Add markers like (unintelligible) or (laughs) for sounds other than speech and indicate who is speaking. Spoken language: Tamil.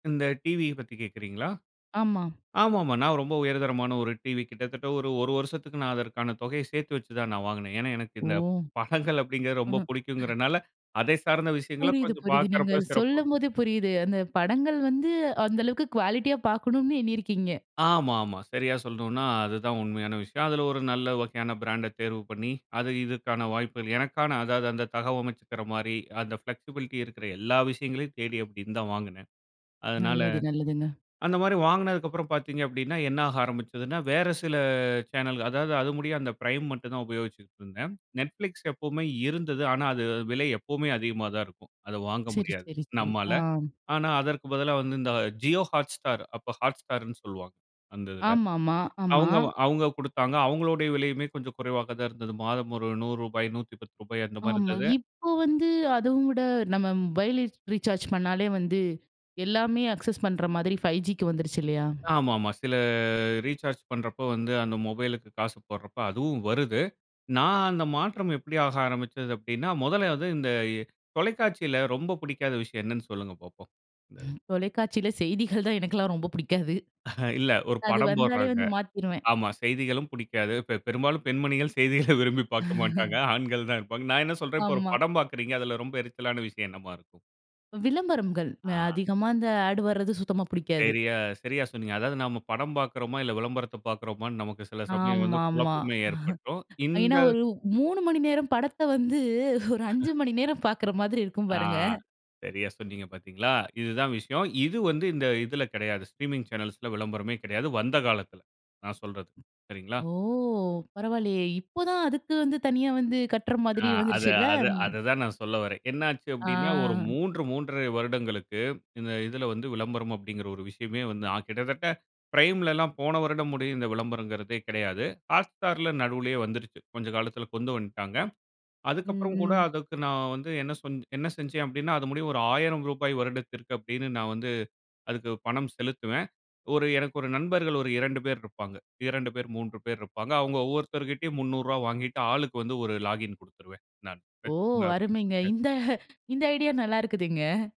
Speaker 1: இந்த டிவிய பத்தி கேட்குறீங்களா?
Speaker 2: ஆமா.
Speaker 1: ஆமாமா, நான் ரொம்ப உயர்தரமான ஒரு டிவி கிட்டத்தட்ட ஒரு 1 வருசத்துக்கு நான் அதற்கான தொகைய சேத்து வெச்சு தான் நான் வாங்குனேன். ஏன்னா எனக்கு இந்த
Speaker 2: ஒ!
Speaker 1: படங்கள் அப்டிங்குறது ரொம்ப
Speaker 2: (chuckles)
Speaker 1: புடிக்குங்குறனால, அதை சார்ந்த விஷயங்கள
Speaker 2: புரியுது,
Speaker 1: கொஞ்சம்
Speaker 2: புரியுது. நீங்க
Speaker 1: பார்க்குறப்பா சிறப்பா
Speaker 2: சொல்லும்போதே புரியுது. அந்த (chuckles) படங்கள் வந்து அந்த அளவுக்கு குவாலிட்டியா பாக்கணும்னு எண்ணியிருக்கீங்க.
Speaker 1: ஆமா, ஆமா சரியா சொல்ணும்னா அதுதான் உண்மயான விஷயம். அதுல ஒரு நல்ல வகையான பிராண்ட தேர்வு பண்ணி, அது இதுக்கான வாய்ப்புகள் எனக்கான அதாவது, அந்த தகவமைச்சுக்குற மாரி. அந்த ஃப்ளெக்ஸிபிலிட்டி இருக்குற எல்லா விஷயங்களையும் தேடி அப்டி இருந்த வாங்குனே. அதனால
Speaker 2: நல்லது நல்லதுங்க.
Speaker 1: அந்த மாரி வாங்குனதுக்கு அப்புறம் பாத்தீங்க அப்டின்னா, என்ன ஆக ஆரம்பிச்சதுன்னா, வேற சில சேனல் அதாவது அது முடிய அந்த பிரைம் மட்டும் தான் உபயோகிச்சுட்டு இருந்தேன். Netflix எப்பவுமே இருந்தது, ஆனா அது விலை எப்பவுமே அதிகமா தான் இருக்கும். அத வாங்க
Speaker 2: சரி,
Speaker 1: முடியாது
Speaker 2: சரி, சரி, ஆ.
Speaker 1: நம்மால. ஆனா அதற்கு பதிலா வந்து இந்த Jio Hotstar, அப்ப Hotstarன்னு சொல்லுவாங்க. அந்த இதுல
Speaker 2: ஆமாம்மா, ஆமா.
Speaker 1: அவங்க அவங்க குடுத்தாங்க அவங்களுடய விலையுமே கொஞ்சம் குறைவாக தான் இருந்தது. மாதம் ஒரு ரூ. 100, 150 அந்த மாதிரி
Speaker 2: ஆமா,
Speaker 1: இருந்தது.
Speaker 2: இப்போ வந்து அதோட, நம்ம வைலைஃப் ரீசார்ஜ் பண்ணாலே வந்து எல்லாமே அக்சஸ் பண்ற மாதிரி 5Gக்கு வந்துருச்சு இல்லையா?
Speaker 1: ஆமா ஆமா, சில ரீசார்ஜ் பண்றப்போ, வந்து அந்த மொபைல்க்கு காசு போடுறப்போ அதுவும் வருது. நான் அந்த மாற்றம் எப்டி ஆக ஆரம்பிச்சது அப்டின்னா, முதல்ல வந்து இந்த தொலைக்காட்சில ரொம்ப பிடிக்காத விஷயம் என்னன்னு சொல்லுங்க பாப்போம்? (unintelligible)
Speaker 2: தொலைக்காட்சியில செய்திகள் தான் எனக்கெல்லாம் ரொம்ப பிடிக்காது.
Speaker 1: அஹ, (chuckles) இல்ல ஒரு
Speaker 2: அது
Speaker 1: படம்
Speaker 2: வந்தாலே
Speaker 1: போடுறாங்க.
Speaker 2: வந்து மாத்திருவேன்.
Speaker 1: ஆமா செய்திகளும் புடிக்காது. பெ பெரும்பாலும் பெண்மணிகள் செய்திகள விரும்பி பாக்க மாட்டாங்க.
Speaker 2: (chuckles)
Speaker 1: ஆண்கள் தான் வெப்பாங்க. நான் என்ன சொல்ற இப்போ ஒரு
Speaker 2: ஆமா.
Speaker 1: படம் பாக்குறீங்க அதுல ரொம்ப எரிச்சலான விஷயம் என்னவா இருக்கும்?
Speaker 2: விளம்பரம்ங்கள்,
Speaker 1: ஆ.
Speaker 2: அ அதிகமா அந்த ஆட் வரது சுத்தமா பிடிக்காது.
Speaker 1: சரியா, சரியா, சொன்னீங்க. அதாவது நம்ம படம் பாக்குறோமா, இல்ல விளம்பரத்த பாக்குறோமா நமக்கு சில சமயம் வந்து
Speaker 2: ஆமா, ஆமா.
Speaker 1: குழப்பமே ஏற்பட்டுரும்.
Speaker 2: ஏன்னா
Speaker 1: இந்த
Speaker 2: ஒரு 3 மணி நேரம் படத்த வந்து, ஒரு 5
Speaker 1: (laughs)
Speaker 2: மணி நேரம் பாக்குற மாதிரி இருக்கும்
Speaker 1: ஆ,
Speaker 2: பாருங்க.
Speaker 1: சரியா சொன்னீங்க பாத்தீங்களா? இது தான் விஷயம். இது வந்து இந்த இதுல கெடயாது. ஸ்ட்ரீமிங் சேனல்ஸ்ல விளம்பரமே கெடயாது. வந்த காலத்துல நான் சொல்றது, சரிங்களா?
Speaker 2: ஓ! பரவாயில்லயே, இப்பதான் அதுக்கு வந்து தனியா வந்து கட்டுற
Speaker 1: ஆ,
Speaker 2: மாதிரி
Speaker 1: அது
Speaker 2: வந்துருச்சுல்ல.
Speaker 1: அது அத தான் நான் சொல்ல வரன். என்ன ஆச்சு
Speaker 2: ஆ.
Speaker 1: அப்டின்னா ஒரு 3, 3 1/2 வருடங்களுக்கு, இந்த இதுல வந்து விளம்பரம் அப்டிங்குற ஒரு விஷயமே வந்து, அ கிட்டத்தட்ட பிரைம்லலாம் போன வருடம் முடிய இந்த விளம்பரங்குறதே கெடயாது. Hotstarல நடுவுலயே வந்துருச்சு. கொஞ்ச காலத்துல கொண்டு வந்துட்டாங்க. அதுக்கப்புறம் கூட
Speaker 2: ம்ஹ்ம்.
Speaker 1: அதுக்கு நான் வந்து என்ன சொ என்ன செஞ்சேன் அப்டின்னா அது முடியும் ஒரு ரூ. 1000 வருடத்திற்கு அப்டின்னு நான் வந்து, அதுக்கு பணம் செலுத்துவேன். ஒரு எனக்கு ஒரு நண்பர்கள் ஒரு 2 பேர் இருப்பாங்க. 2 பேர் 3 பேர் இருப்பாங்க. அவங்க ஒவ்வொருத்தர் கிட்டயும் ரூ. 300 வாங்கிட்டு ஆளுக்கு வந்து 1 லாகின் கொடுத்துருவேன், நானு
Speaker 2: ஓ!
Speaker 1: வெச்சுக்கோங்க அப்டின்னு.
Speaker 2: அருமைங்க
Speaker 1: (unintelligible)
Speaker 2: இந்த இந்த ஐடியா நல்லா இருக்குதுங்க.